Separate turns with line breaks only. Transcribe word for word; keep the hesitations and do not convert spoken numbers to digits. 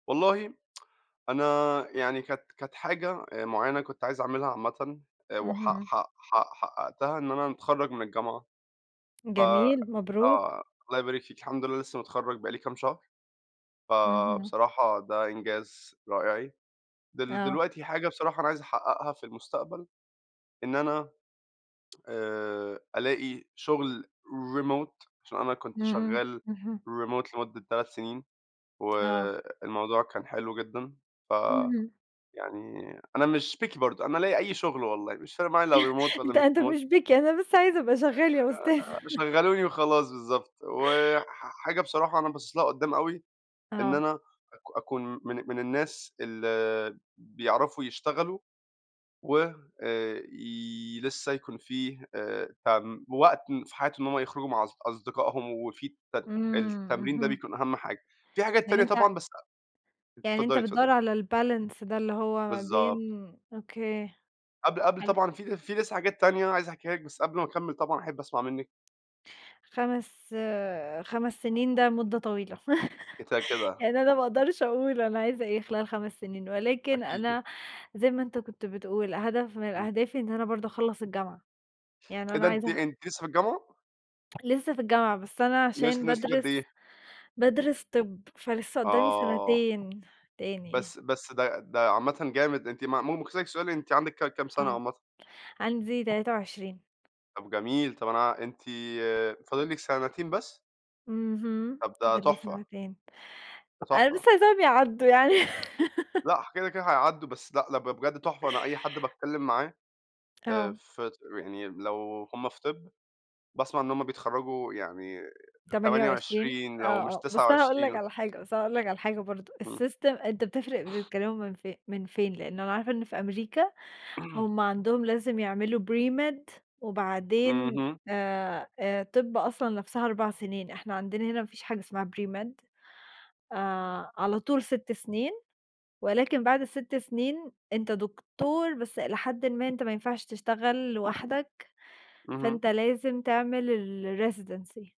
والله أنا يعني كانت كانت حاجة آآ معينة كنت عايز أعملها عامةً وحق
اهم.
حق حق حققتها إن أنا أتخرّج من الجامعة ف
جميل، مبروك.
آه، الله يبارك فيكِ، الحمد لله لسه متخرّج بقى لي كام شهر،
اهم.
فبصراحة ده إنجاز رائعي. دل
آه.
دلوقتي حاجة بصراحة أنا عايز أحققها في المستقبل إن أنا آآ ألاقي شغل Remote عشان أنا
إمم،
كنت
إمم،
شغال
اهم.
Remote لمدة تلات سنين،
آه.
والموضوع كان حلو جدًا ف
اهم.
يعني أنا مش Picky برضو، أنا ألاقي أي شغل والله، مش فارق معايا لو Remote والّا
أنت
مش
أنت
Remote.
مش Picky أنا بس عايز أبقى شغال يا أستاذ.
آآ شغّلوني وخلاص بالضبط، وح حاجة بصراحة أنا باصص لها قدّام أوي إن
آه.
أنا أك أكون من من الناس اللي بيعرفوا يشتغلوا وي لسه يكون فيه آآ ت وقت في حياتهُم إن هُم يخرجوا مع أص أصدقائهُم وفي الت
إمم،
التمرين ده
اهم.
بيكون أهم حاجة، في حاجات
يعني
تانية
أنت
طبعًا بس أ
يعني أنت
اتفضلي،
بتدوّر
اتفضلي.
على الBalance ده اللي هو ما بين
بالضبط.
أوكي،
قبل قبل
حلو.
طبعًا في في لسه حاجات تانية عايز أحكيها لِك، بس قبل ما أكمل طبعًا أحب أسمع منِك.
خمس، خمس سنين ده مدة طويلة،
[unintelligible] كده.
يعني أنا ما أقدرش أقول أنا عايزة إيه خلال خمس سنين، ولكن
أكيد.
أنا زي ما أنت كنت بتقول، هدف من
إمم.
أهدافي إن أنا برضو أخلص الجامعة، يعني
إيه
أنا
ده؟ أنتِ
عايزة
أنتِ لسه في الجامعة؟
لسه في الجامعة، بس أنا
ناقص
عشان
ناقص لِك قد إيه؟
بادرس بادرس طِب، فلسه قدامي
آه.
سنتين تاني.
بس بس ده ده عامةً جامد، أنتِ م ممكن أسألِك سؤال؟ أنتِ عندِك ك كام سنة
آه،
عامةً؟
عندي تلاتة وعشرين.
طَب جميل، طَب أنا ع أنتِ فاضل لِك سنتين بس؟
اهم،
طَب ده
فاضل لي
تحفة.
سنتين.
ده
أنا بس
تحفة.
عايزاهم يعدّوا يعني.
لأ ح كده، كده هيعدّوا بس لأ ده بجد تحفة، أنا أي حد باتكلم معاه آآ
آه.
في ط يعني لو هُم في طِب باسمع إن هُم بيتخرجوا يعني
تمانية
تمانية
وعشرين؟
وعشرين
آه،
لو مش
آه،
تسعة
بس أنا هاقول لك
وعشرين
على حاجة بس أنا هاقول لك على حاجة برضو
إمم.
الSystem أنت بتفرق بتتكلموا من ف من فين؟ لأنه أنا عارفة إن في أمريكا هُم عندهُم لازم يعملوا pre-med وبعدين
اهم.
آآ، آآ طِب أصلًا نفْسها أربع سنين، إحنا عندنا هنا ما فيش حاجة اسمها pre-med آآ على طول ست سنين، ولكن بعد الست سنين أنت دكتور، بس الى حدٍ ما أنت ما ينفعش تشتغل لوحدك،
اهم.
فانت لازم تعمل الresidency.